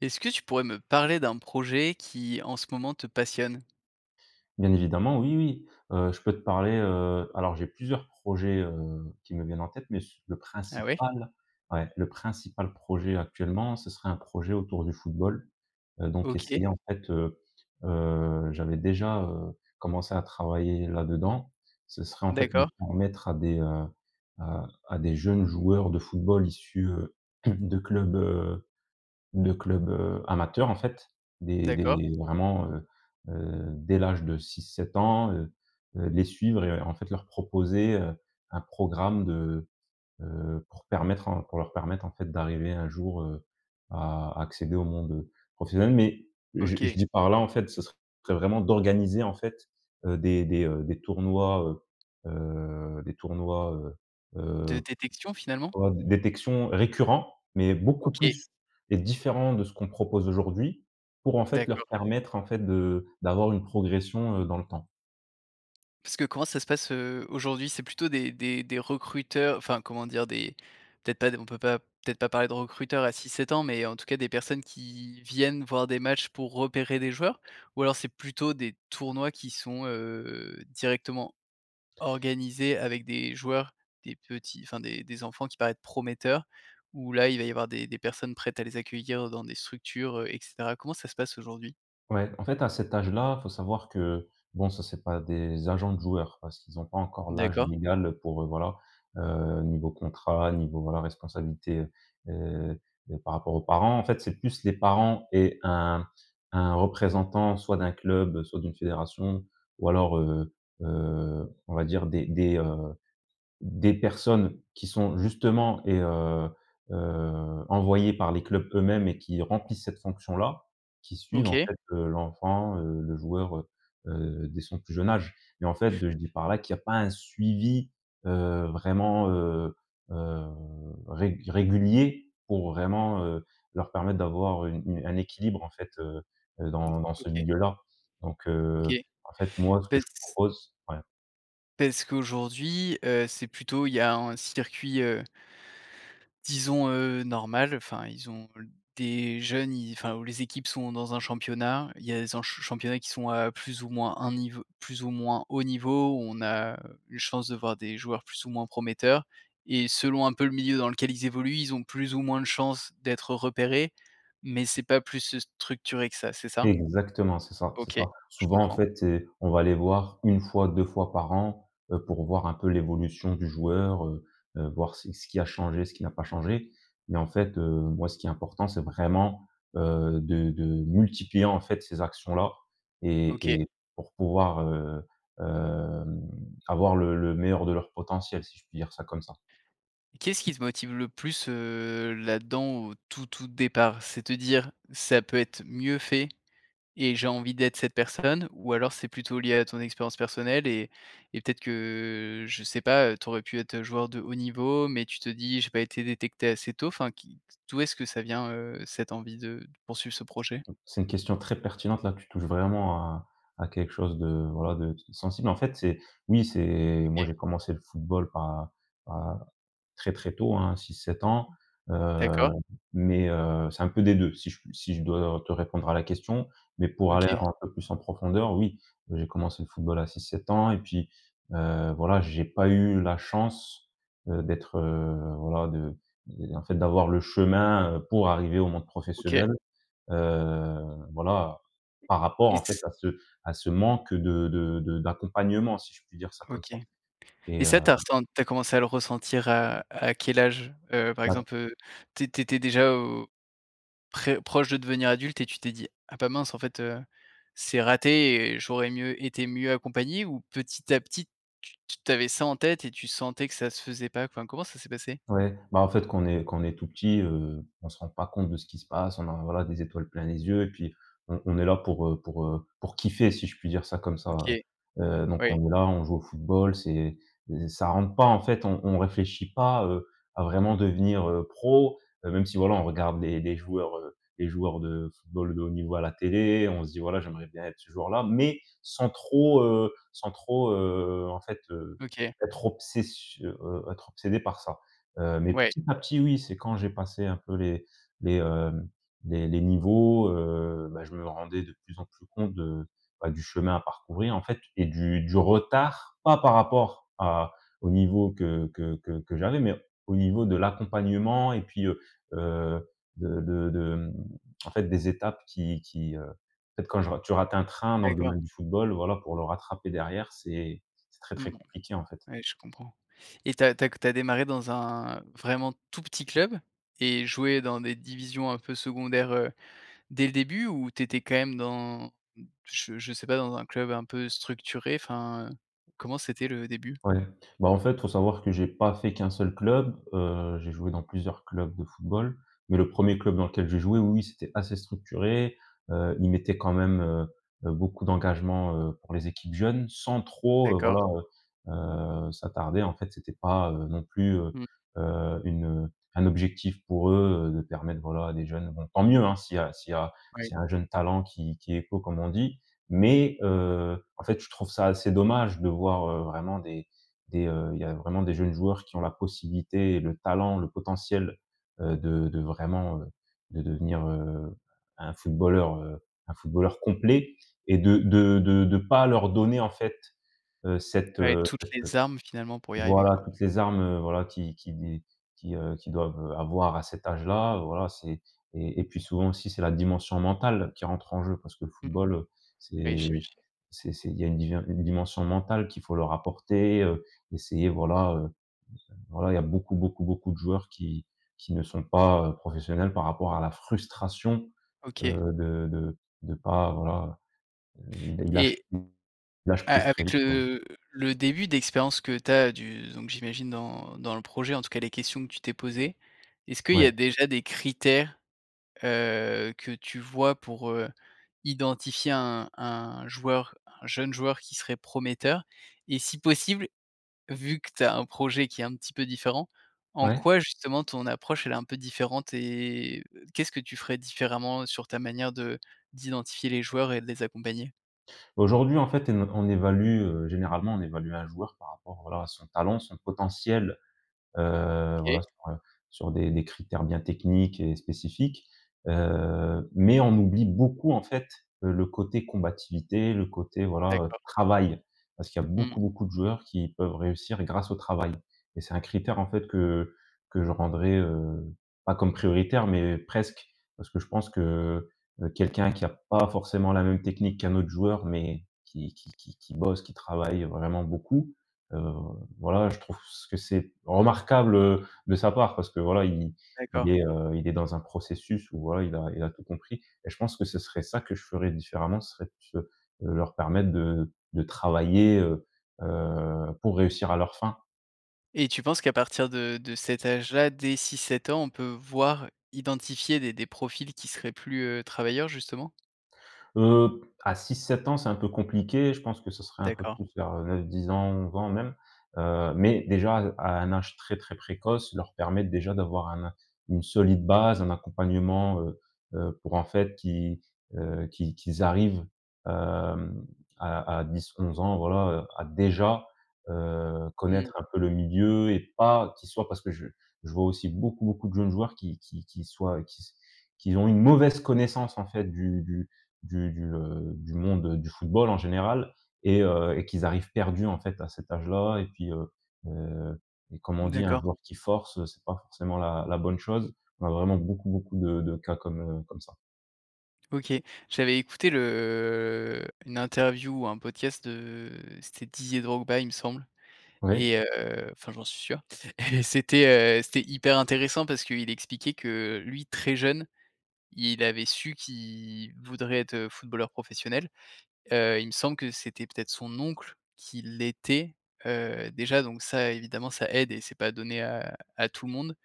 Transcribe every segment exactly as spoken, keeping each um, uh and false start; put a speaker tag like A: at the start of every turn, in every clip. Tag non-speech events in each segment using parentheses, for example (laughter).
A: Est-ce que tu pourrais me parler d'un projet qui, en ce moment, te passionne?
B: Bien évidemment oui, oui. Heu, je peux te parler, heu alors j'ai plusieurs projets, heu, qui me viennent en tête, mais s le
A: Ah ouais?
B: principal, ouais, le principal projet actuellement, ce serait un projet autour du football. Heu, donc
A: OK.
B: essayer en fait, heu, heu j'avais déjà, heu, commencé à travailler là-dedans. Ce serait, en fait, de
A: D'accord.
B: permettre à des, heu, à à des jeunes joueurs de football issus heu, de clubs, heu, de clubs, heu, amateurs, en fait, dès dès
A: D'accord.
B: vraiment, heu, heu, dès l'âge de six-sept ans, heu, heu, les suivre et en fait, leur proposer, heu, un programme de, heu pour permettre un pour leur permettre en fait, d'arriver un jour, heu, à à accéder au monde, heu, professionnel. Mais, je je
A: OK.
B: dis par là, en fait, ce serait vraiment d'organiser en fait, heu, des des, heu, des tournois, heu, heu, des tournois, heu,
A: De
B: heu,
A: détection finalement?
B: on va di détection récurrents, mais beaucoup
A: OK.
B: plus et différents de ce qu'on propose aujourd'hui, pour, en fait, leur
A: D’accord.
B: permettre, en fait, de d'avoir une progression, heu, dans le temps.
A: Parce que comment ça se passe, heu, aujourd'hui? C'est plutôt des des des recruteurs, enfin, comment dire? Des, peut-être pas des, on peut pas, peut-être pas parler de recruteurs à six- sept ans, mais en tout cas des personnes qui viennent voir des matchs pour repérer des joueurs? Ou alors c'est plutôt des tournois qui sont, heu, directement organisés avec des joueurs, des petits, enfin des des enfants qui paraissent prometteurs, où, là il va y avoir des des personnes prêtes à les accueillir dans des structures, heu et cetera. Comment ça se passe aujourd'hui?
B: Ouais. En fait à cet âge-là, il faut savoir que, bon, ça c'est pas des agents de joueurs parce qu'ils ont pas encore l'âge
A: D'accord.
B: légal pour, heu, voilà, heu, niveau contrat, niveau, voilà responsabilité, heu et par rapport aux parents, en fait, c'est plus les parents et un un représentant, soit d'un club, soit d'une fédération ou alors, heu, heu, on va dire des des, heu, des personnes qui sont justement et heu, heu, envoyées par les clubs eux-mêmes et qui remplissent cette fonction-là, qui suivent en
A: OK.
B: fait, heu, l'enfant, heu, le joueur, heu, heu, dès son plus jeune âge. Et en fait, je dis par là qu'il y a pas un suivi, heu, vraiment, heu, heu régu régulier pour vraiment, heu, leur permettre d'avoir une une un équilibre en fait, heu, heu,
A: Mmh.
B: dans dans ce
A: OK.
B: milieu là donc,
A: OK.
B: heu, en fait moi, ce que je
A: Parce
B: propose ouais.
A: parce qu'aujourd'hui, heu, c'est plutôt il y a un circuit, heu disons, heu, normal enfin ils ont des jeunes, ils, enfin les équipes sont dans un championnat, il y a des en ch championnats qui sont, heu, plus ou moins un niveau, plus ou moins haut niveau, où on a une chance de voir des joueurs plus ou moins prometteurs. Et selon un peu le milieu dans lequel ils évoluent, ils ont plus ou moins de chances d'être repérés, mais c'est pas plus structuré que ça, c'est ça?
B: Exactement, c'est ça, c'est
A: OK.
B: ça.
A: Je
B: Souvent, en
A: comprends.
B: fait, et on va les voir une fois deux fois par an, heu, pour voir un peu l'évolution du joueur, heu. Heu, voir c ce qui a changé, ce qui a pas changé. Mais en fait, heu, moi ce qui est important c'est vraiment, heu, de de multiplier en fait ces actions-là
A: OK.
B: et et pour pouvoir, heu, hem, avoir le le meilleur de leur potentiel, si je puis dire ça comme ça.
A: Qu'est-ce qui te motive le plus, heu, là-dedans au tout, tout départ? C'est te dire: «Ça peut être mieux fait et j'ai envie d'être cette personne?» ou alors c'est plutôt lié à ton expérience personnelle et et peut-être que, je sais pas, tu aurais pu être joueur de haut niveau, mais tu te dis: «J'ai pas été détecté assez tôt?» enfin qui, d'où est-ce que ça vient, heu, cette envie de d poursuivre ce projet?
B: C'est une question très pertinente. Là, tu touches vraiment à à quelque chose de, voilà de sensible. En fait, c'est, oui, c'est moi
A: OK.
B: j'ai commencé le football à à très très tôt, hein, six, sept ans, heu,
A: D'accord.
B: mais, heu, c'est un peu des deux. Si j si je dois te répondre à la question, mais pour aller
A: OK.
B: un peu plus en profondeur, oui j'ai commencé le football à six, sept ans et puis, heu, voilà j'ai pas eu la chance, heu, d'être, heu, voilà de, en en fait d'avoir le chemin, heu, pour arriver au monde
A: OK.
B: professionnel, heu, voilà, par rapport,
A: Et
B: en fait,
A: s
B: à ce à ce manque de de de d'accompagnement si je puis dire ça comme
A: OK.
B: ça. Et
A: Et
B: heu
A: ça tu as ressen tu as commencé à le ressentir, heu, à quel âge? Heu, par
B: Bah
A: exemple, heu, tu é tu étais déjà au, très proche de devenir adulte et tu t'es dit: «Ah bah, mince en fait, heu, c'est raté et j'aurais mieux été mieux accompagné», ou petit à petit tu t t'avais ça en tête et tu sentais que ça se faisait pas? Enfin, comment ça s'est passé?
B: Ouais. Bah en fait quand on est quand on est tout petit, heu, on se rend pas compte de ce qui se passe, on a, voilà, des étoiles plein les yeux et puis on on est là pour, heu, pour, heu, pour kiffer si je puis dire ça comme ça,
A: OK.
B: heu, heu, donc
A: Ouais.
B: on est là on joue au football c'est, e ça rentre pas en fait, on on réfléchit pas à, heu, à vraiment devenir, heu, pro, heu, même si voilà on regarde des des joueurs des joueurs de football de haut niveau à la télé, on se dit, voilà: «J'aimerais bien être ce joueur là», mais sans trop, heu sans trop, heu, en fait, heu,
A: OK.
B: être obsession heu, être obsédé par ça. Heu, mais
A: Ouais.
B: petit à petit oui, c'est quand j'ai passé un peu les les, hem, les les niveaux, heu, bah je me rendais de plus en plus compte de, bah, du chemin à parcourir en fait et du du retard, pas par rapport à, au niveau que que que que j'avais mais au niveau de l'accompagnement et puis, heu, heu, de de de, hem, en fait des étapes qui qui, heu, peut-être quand je rate, tu rate un train dans le
A: D'accord.
B: domaine du football, voilà, pour le rattraper derrière c'est c'est très très
A: Mmh.
B: compliqué en fait.
A: Ouais, je comprends. Et tu as tu as tu as démarré dans un vraiment tout petit club et joué dans des divisions un peu secondaires, heu, dès le début? Ou tu étais quand même dans, je je sais pas dans un club un peu structuré? Enfin, comment c'était le début?
B: Ouais, bah en fait il faut savoir que j'ai pas fait qu'un seul club, heu, j'ai joué dans plusieurs clubs de football, mais le premier club dans lequel j'ai joué, oui, oui c'était assez structuré, heu, ils mettaient quand même, heu, heu, beaucoup d'engagement, heu, pour les équipes jeunes sans trop, heu,
A: D'accord.
B: voilà, heu, heu, s'attarder. En fait c'était pas, heu, non plus, heu,
A: Mmh.
B: heu, une, un objectif pour eux, heu, de permettre voilà des jeunes bon tant mieux, hein, s'il y a s'il y a
A: Ouais.
B: s'il y a un jeune talent qui qui éclot comme on dit mais, heu, en fait je trouve ça assez dommage de voir, heu, vraiment des des, heu, il y a vraiment des jeunes joueurs qui ont la possibilité et le talent, le potentiel, heu, de de vraiment, heu, de devenir, heu, un footballeur, heu, un footballeur complet et de de de de pas leur donner en fait, heu, cette,
A: Ouais.
B: heu
A: Toutes
B: cette,
A: les
B: heu
A: armes finalement pour y arriver
B: voilà
A: quoi.
B: toutes les armes voilà qui qui d qui, heu, qu'ils doivent, heu, avoir à cet âge là, voilà c'est et et puis souvent aussi c'est la dimension mentale qui rentre en jeu. Parce que le
A: Mmh.
B: football,
A: Ouais
B: c'est
A: j'imagine.
B: c'est c'est, il y a une di une dimension mentale qu'il faut leur apporter, heu, essayer voilà heu, voilà il y a beaucoup beaucoup beaucoup de joueurs qui qui ne sont pas, heu, professionnels, par rapport à la frustration,
A: OK.
B: heu, de de de de pas, voilà heu, ils ils lâchent
A: Et
B: pr ils lâchent
A: a
B: prise très
A: avec
B: vite quoi.
A: le, le début d'expérience que tu as du, donc j'imagine dans dans le projet, en tout cas les questions que tu t'es posées, est-ce qu'il y
B: Ouais.
A: a déjà des critères, heu, que tu vois pour, heu, identifier un un joueur, un jeune joueur qui serait prometteur? Et si possible vu que tu as un projet qui est un petit peu différent, en
B: Ouais.
A: quoi justement ton approche elle est un peu différente? Et, qu'est-ce que tu ferais différemment, sur ta manière de d'identifier les joueurs et de les accompagner?
B: Aujourd'hui, en fait, en on évalue, heu, généralement, on évalue un joueur par rapport, voilà, à son talent, son potentiel, heu, voilà
A: OK.
B: sur, heu, sur des des critères bien techniques et spécifiques. Heu, mais on oublie beaucoup en fait, heu, le côté combativité, le côté, voilà, heu,
A: D'accord.
B: travail. Parce qu'il y a
A: Mmh.
B: beaucoup, beaucoup de joueurs qui peuvent réussir grâce au travail. Et c'est un critère en fait que que je rendrai, heu, pas comme prioritaire, mais presque. Parce que je pense que, heu, quelqu'un qui a pas forcément la même technique qu'un autre joueur, mais qui qui qui qui bosse, qui travaille vraiment beaucoup. Heu, voilà, je trouve ç que c'est remarquable, heu, de sa part parce que voilà, i il
A: D'accord.
B: est, heu, il est dans un processus où, voilà, il a il a tout compris. Et je pense que ce serait ça que je ferai différemment, ça serait plus, heu, leur permettre de de travailler, heu, heu, pour réussir à leur fin.
A: Et tu penses qu'à partir de de cet âge-là, dès six- sept ans, on peut voir, identifier des des profils qui seraient plus, heu, travailleurs justement?
B: Heu, à six- sept ans c'est un peu compliqué, je pense que ce serait un peu
A: D'accord.
B: plus vers neuf- dix ans ou onze ans même, heu, mais déjà, heu, à un âge très très précoce, leur permettre déjà d'avoir un une solide base, un accompagnement, heu, heu, pour en fait qu'ils, heu, qu'ils qu'ils arrivent, hem, à à dix- onze ans voilà à déjà, heu,
A: Mmh.
B: connaître un peu le milieu et pas qu'ils soient, parce que je vois aussi beaucoup beaucoup de jeunes joueurs qui qui qui soient, qui qui ont une mauvaise connaissance en fait du du du du, heu, du monde, heu, du football en général et heu, et qu'ils arrivent perdus en fait à cet âge là et puis, heu, heu, et comme on dit un
A: D'accord.
B: joueur qui force c'est pas forcément la la bonne chose. On a vraiment beaucoup beaucoup de de cas comme, heu, comme ça.
A: OK. J'avais écouté le, heu une interview ou un podcast de c'était Didier Drogba, il me semble. Et
B: Ouais.
A: heu, enfin j'en suis sûr. (chuckles) Et c'était, heu, c'était hyper intéressant parce qu'il expliquait que, lui très jeune, il avait su qu'il voudrait être, heu, footballeur professionnel. Heu, il me semble que c'était peut-être son oncle qui l'était, heu, déjà donc ça évidemment ça aide et c’est pas donné à à tout le monde.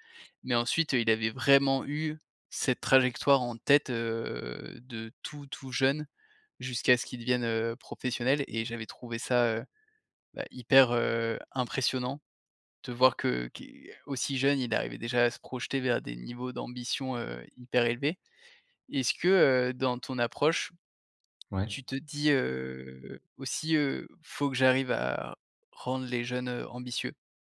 A: Mais ensuite, heu, il avait vraiment eu cette trajectoire en tête, heu, de tout, tout jeune jusqu'à ce qu'il devienne, heu, professionnel. Et j'avais trouvé ça, heu, bah, hyper, heu, impressionnant de voir que qui aussi jeune il arrivait déjà à se projeter vers des niveaux d'ambition, heu, hyper élevés. Est-ce que, heu, dans ton approche,
B: Ouais.
A: tu te dis, heu, aussi, heu, «Faut que j'arrive à rendre les jeunes, heu, ambitieux»?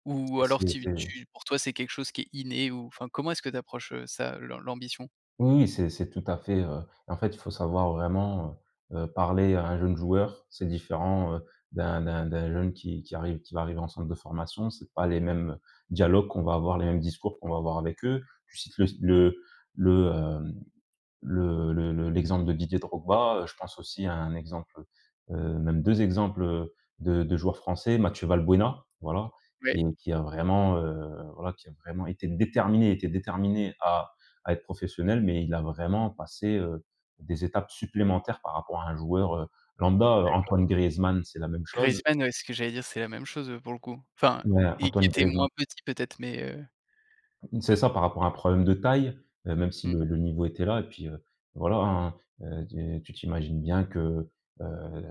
A: Ou
B: Et
A: alors
B: c'est
A: tu
B: c'est
A: tu pour toi c'est quelque chose qui est inné ou enfin comment est-ce que tu approches ça, l'am l'ambition?
B: Oui, oui, c'est c’est tout à fait, heu et en fait il faut savoir vraiment, heu, heu, parler à un jeune joueur. C'est différent, heu, d’un d’un d'un jeune qui qui arrive qui va arriver en centre de formation. C’est pas les mêmes dialogues qu'on va avoir, les mêmes discours qu'on va
A: (unintelligible)
B: avoir avec eux. Tu cites le s le le hem, le le le l'exemple de Didier Drogba, heu, je pense aussi à un exemple, heu, heu, même deux exemples, heu, de de joueurs français Mathieu Valbuena, voilà. Qui
A: Ouais.
B: qui a vraiment, heu, voilà qui a vraiment été déterminé. Il était déterminé à à être professionnel. Mais il a vraiment passé, heu, des étapes supplémentaires par rapport à un joueur, heu, lambda. Heu,
A: D'accord.
B: Antoine Griezmann, c'est la même chose.
A: Griezmann. Ouais, c'est ce que j'allais dire, c'est la même chose, heu, pour le coup. Enfin,
B: Ouais,
A: il il
B: Antoine
A: était
B: Griezmann.
A: moins petit peut-être? Mais, heu.
B: Mmh, c'est ça. Par rapport à un problème de taille. Et même si
A: Mmh.
B: le le niveau était là et puis, heu, voilà, hein. Tu tu t'imagines bien que, heu,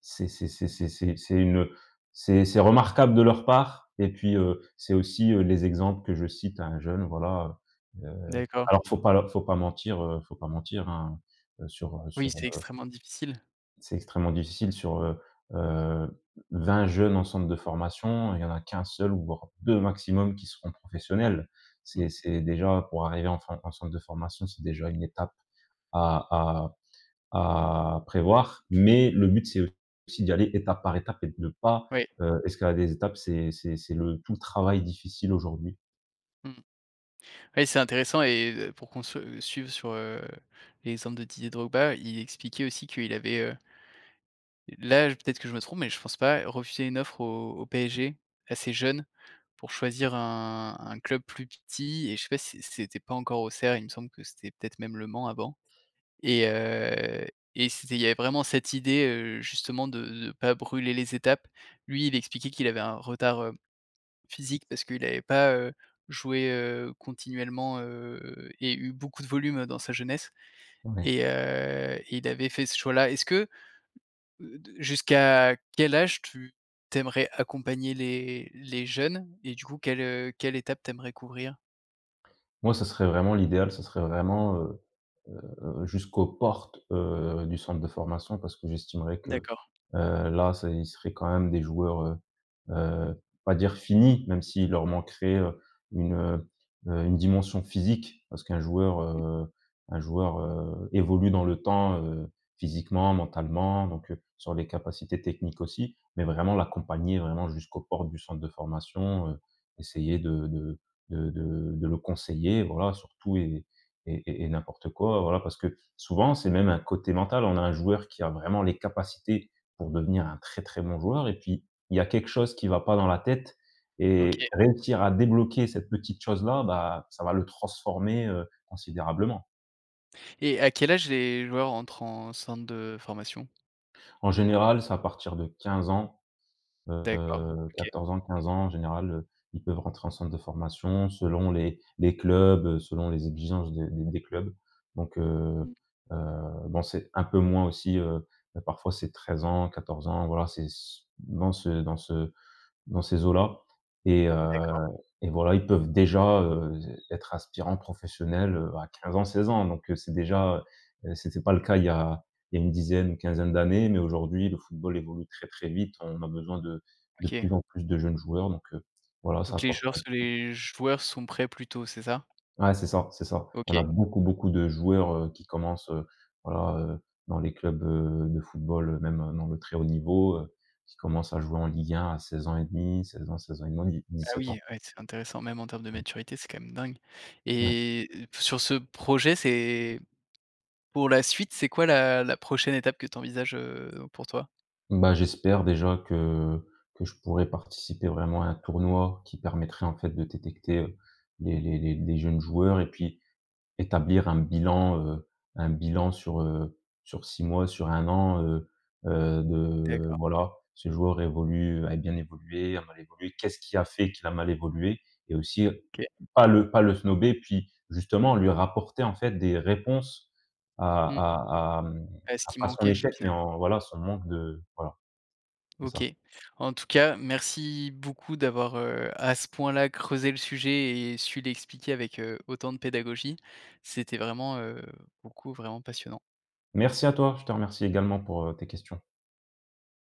B: c'est c’est c’est c’est c’est c’est une c’est c’est remarquable de leur part. Et puis, heu, c'est aussi, heu, les exemples que je cite à un jeune, voilà. Heu,
A: D’accord.
B: alors faut pas leur faut pas mentir, heu, faut pas mentir, hein, sur, heu
A: Oui,
B: sur,
A: c'est
B: heu
A: extrêmement difficile.
B: C'est extrêmement difficile sur, heu, heu, vingt jeunes en centre de formation. Il y en a qu'un seul ou voire deux maximum qui seront professionnels.
A: Mmh.
B: C'est c’est déjà, pour arriver en form en centre de formation c'est déjà une étape à à à prévoir. Mais le but c'est aussi d'y aller étape par étape et de pas,
A: Oui.
B: heu, escalader les étapes. C’est c'est c'est le tout le travail difficile aujourd'hui.
A: Mmh. Oui, c'est intéressant et pour qu'on se suive sur, heu, les centres de Didier Drogba. Il expliquait aussi qu'il avait, heu là, peut-être que je me trompe mais je pense pas refusé une offre au au PSG. Assez jeune, pour choisir un un club plus petit. Et je sais pas si c c’était pas encore Auxerre il me semble que c'était, peut-être, même le Mans avant. Et heu, et c'était il y avait vraiment cette idée, heu, justement de de pas brûler les étapes. Lui il expliquait qu'il avait un retard, heu, physique parce qu'il avait pas, heu, joué, heu, continuellement, heu, et eu beaucoup de volume, dans sa jeunesse.
B: Ouais.
A: Et heu, il avait fait ce choix-là. Est-ce que heu de jusqu'à quel âge tu tu aimerais accompagner les les jeunes? Et du coup quelle, heu, quelle étape tu aimerais couvrir?
B: Moi ce serait vraiment l'idéal, ce serait vraiment, heu, heu, jusqu'aux portes, heu, du centre de formation. Parce que j'estimerais que,
A: D'accord.
B: heu, là ç'est ils seraient quand même des joueurs, heu, heu, pas dire finis. Même s'ils leur manqueraient une, heu, une dimension physique. Parce qu'un joueur,
A: (unintelligible)
B: heu, un joueur, heu, évolue dans le temps, heu, physiquement, mentalement, donc, heu, sur les capacités techniques aussi. Mais vraiment l'accompagner, vraiment, jusqu'aux portes du centre de formation, heu. Essayer de de de de de le conseiller. Voilà sur tout et et et n'importe quoi, voilà. Parce que souvent, c'est même un côté mental. On a un joueur qui a vraiment les capacités pour devenir un très, très bon joueur. Et puis, il y a quelque chose qui va pas dans la tête
A: OK.
B: et réussir à débloquer cette petite chose là. Bah, ça va le transformer, heu, considérablement.
A: Et à quel âge les joueurs entrent en centre de formation?
B: En général, c'est à partir de quinze ans,
A: D'accord.
B: heu,
A: OK.
B: quatorze ans, quinze ans en général, heu. Ils peuvent rentrer en centre de formation selon les les clubs, heu, selon les exigences de des des clubs. Donc, heu,
A: Mmh.
B: heu, bon c'est un peu moins aussi, heu, ben, parfois c'est treize ans, quatorze ans voilà c'est c dans ce dans ce dans ces eaux-là. Et heu,
A: D’accord.
B: et voilà, ils peuvent déjà, heu, être aspirants professionnels, heu, à quinze ans, seize ans. Donc, heu, c'est déjà, heu c’était pas le cas il y a il y a une dizaine, une quinzaine d'années. Mais aujourd'hui le football évolue très, très vite. On a besoin de de plus
A: OK.
B: en plus de jeunes joueurs donc, heu, voilà ça
A: Donc, les
B: apporte
A: joueurs se
B: (unintelligible)
A: les joueurs sont prêts plutôt, c'est ça?
B: Ouais c'est ça, c'est ça. On a
A: OK.
B: beaucoup, beaucoup de joueurs, heu, qui commencent, heu, voilà, heu, dans les clubs, heu, de football, heu, même dans le très haut niveau, heu, qui commencent à jouer en ligue un à seize ans et demi seize ans, seize ans et demi,
A: Ah
B: dis-sept ans.
A: oui. Ouais, c'est intéressant. Même en terme de
B: Ouais.
A: maturité c'est quand même dingue.
B: Ouais.
A: Et sur ce projet c'est pour la suite, c'est quoi la la prochaine étape que tu envisages, heu, pour toi?
B: Bah, j'espère déjà que que je pourrais participer vraiment à un tournoi qui permettrait en fait de détecter, heu, les les les jeunes joueurs et puis établir un bilan, heu, un bilan sur, heu, sur six mois sur un an, heu, heu, de
A: D'accord.
B: voilà. Ce joueur évolue, a bien évolué, a mal évolué. Qu'est ce qui a fait qu'il a mal évolué? Et aussi
A: OK.
B: pas le pas le snober puis justement lui rapporter en fait des réponses à
A: Mmh.
B: à à, hem,
A: Ah, ce
B: à
A: qu'il
B: pas son
A: manquait
B: échec, mais
A: finalement.
B: en voilà, heu, son manque de voilà. C'est ça.
A: OK. En tout cas, merci beaucoup d'avoir, heu, à ce point-là creusé le sujet et su l'expliquer avec, heu, autant de pédagogie. C'était vraiment, heu, pour le coup vraiment passionnant.
B: Merci à toi, je te remercie également pour, heu, tes questions.